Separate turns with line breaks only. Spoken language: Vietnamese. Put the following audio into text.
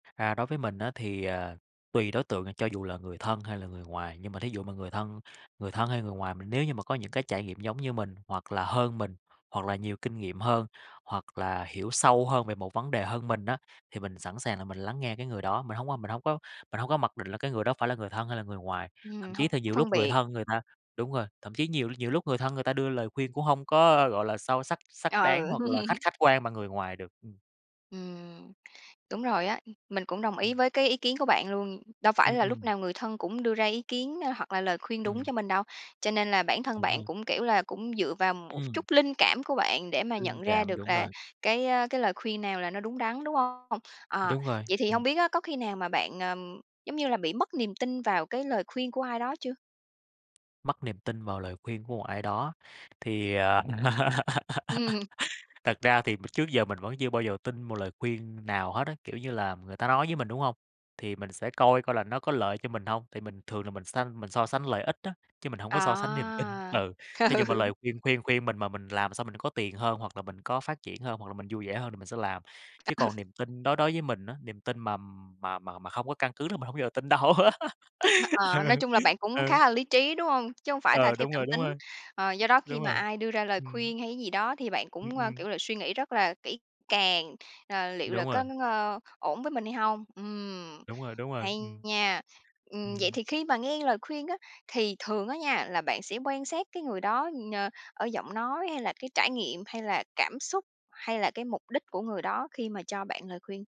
À, đối với mình á, thì, à, tùy đối tượng nè, cho dù là người thân hay là người ngoài, nhưng mà thí dụ mà người thân người thân hay người ngoài, mình nếu như mà có những cái trải nghiệm giống như mình, hoặc là hơn mình, hoặc là nhiều kinh nghiệm hơn, hoặc là hiểu sâu hơn về một vấn đề hơn mình á, thì mình sẵn sàng là mình lắng nghe cái người đó. Mình hông có mình hông có mình hông có mặc định là cái người đó phải là người thân hay là người ngoài. Thậm
Ừm,
chí
hông
thì nhiều lúc
phân
người
biệt.
thân người ta đúng rồi, thậm chí nhiều nhiều lúc người thân người ta đưa lời khuyên cũng hông có, gọi là, sâu sắc, xác đáng
Ừ.
hoặc là khách khách quan bằng người ngoài được, ừm.
Ừm, đúng rồi á, mình cũng đồng ý
Ừm.
với cái ý kiến của bạn luôn. Đâu phải
Ừm,
là lúc
ừm.
nào người thân cũng đưa ra ý kiến, a, hoặc là lời khuyên đúng
Ừm.
cho mình đâu. Cho nên là bản thân
Đúng a.
bạn cũng, kiểu là, cũng dựa vào một
Ừm.
chút linh cảm của bạn để mà
Linh
nhận ra
cảm,
được
đúng
là
rồi.
cái, a, cái lời khuyên nào là nó đúng đắn, đúng hông? Ờ,
Đúng rồi,
vậy thì
ừm.
hông biết á, có khi nào mà bạn, ờm, giống như là, bị mất niềm tin vào cái lời khuyên của ai đó chưa?
Mất niềm tin vào lời khuyên của một ai đó, thì, à,
Ừm.
thật ra thì m trước giờ mình vẫn chưa bao giờ tin một lời khuyên nào hết á, kiểu như là, người ta nói với mình, đúng hông? Thì mình sẽ coi coi là nó có lợi cho mình hông. Thì mình thường là mình sanh mình so sánh lợi ích á, chứ mình hổng có so sánh niềm tin,
À,
ừ. Thí dụ mà
ừ.
lời khuyên khuyên khuyên mình mà mình làm xong mình có tiền hơn, hoặc là mình có phát triển hơn, hoặc là mình vui vẻ hơn thì mình sẽ làm. Chứ
Ừ.
còn niềm tin đối đối với mình á, niềm tin mà mà mà mà không có căn cứ là mình hổng bao giờ tin đâu.
Hơ ờ,
Ừ,
nói
ừ.
chung là bạn cũng
Ừ.
khá là lý trí, đúng hông? Chứ hổng phải là
Ờ,
theo
đúng rồi,
cảm
đúng
tính.
rồi.
Ờ, do đó khi
Đúng
mà
rồi,
ai đưa ra lời
ừm.
khuyên hay cái gì đó thì bạn
Ừm,
cũng, ơ,
ừm.
kiểu là, suy nghĩ rất là kỹ càng, ờ, "liệu là
Đúng rồi.
có [unintelligible] ổn với mình hay hông?" Ừm,
Đúng rồi, đúng rồi,
hay
ừm.
nha. Ừm, vậy
Ừm.
thì khi mà nghe lời khuyên á, thì thường á nha, là bạn sẽ quan sát cái người đó, ờ, ở giọng nói hay là cái trải nghiệm, hay là cảm xúc, hay là cái mục đích của người đó khi mà cho bạn lời khuyên?